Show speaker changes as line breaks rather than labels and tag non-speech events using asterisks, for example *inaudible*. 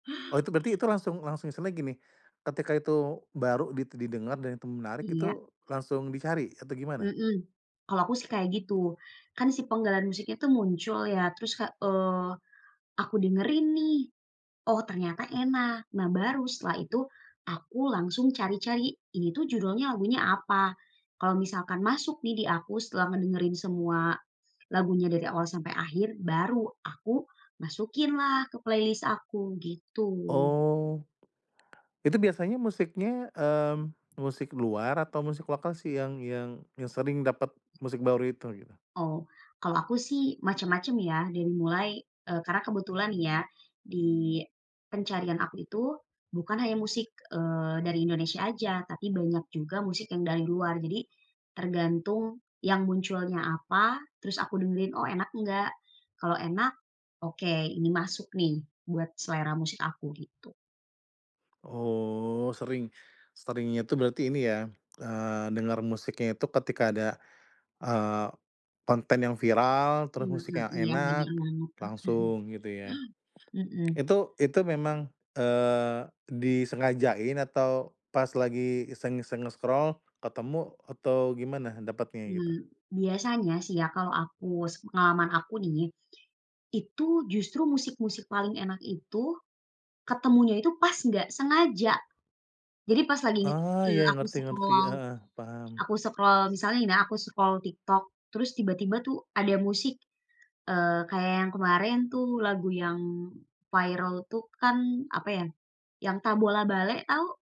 Oh itu berarti itu langsung-langsung misalnya gini, ketika itu baru di didengar dan itu menarik
Iya.
itu langsung dicari atau gimana?
Hmm, kalau aku sih kayak gitu, kan si penggalan musiknya tuh muncul ya terus Kak eee, aku dengerin nih, oh ternyata enak, nah baru setelah itu, aku langsung cari-cari, ini tuh judulnya lagunya apa? Kalau misalkan masuk nih di aku setelah ngedengerin semua, lagunya dari awal sampai akhir, baru aku masukin lah ke playlist aku gitu.
Oh. Itu biasanya musiknya, mmm, musik luar atau musik lokal sih yang yang yang sering dapat musik baru itu gitu?
Oh, kalau aku sih macam-macam ya, dari mulai, eee, karena kebetulan ya, di, pencarian aku itu, bukan hanya musik, eee, dari Indonesia aja, tapi banyak juga musik yang dari luar, jadi, tergantung yang munculnya apa, terus aku dengerin, oh enak enggak. Kalau enak, oke ini masuk nih buat selera musik aku gitu.
Oh sering seringnya itu berarti ini ya, eee, dengar musiknya itu ketika ada, eee, konten yang viral, terus
Hmm,
musiknya
iya bener
enak
banget. *chuckles*
langsung gitu ya.
Hmm.
Itu itu memang, eee, disengajain atau pas lagi iseng-iseng nge-scroll ketemu atau gimana dapatnya gitu?
Mmm, biasanya sih ya kalau aku sepengalaman aku nih, itu justru musik-musik paling enak itu, ketemunya itu pas enggak sengaja. Jadi pas lagi nge
Ah,
eee,
iya
aku
ngerti ngerti,
scroll
heeh, paham.
aku scroll misalnya nih ya aku scroll TikTok terus tiba-tiba tuh ada musik, eee, kayak yang kemarin tuh lagu yang viral itu kan apa ya, yang Tabola Bale tau?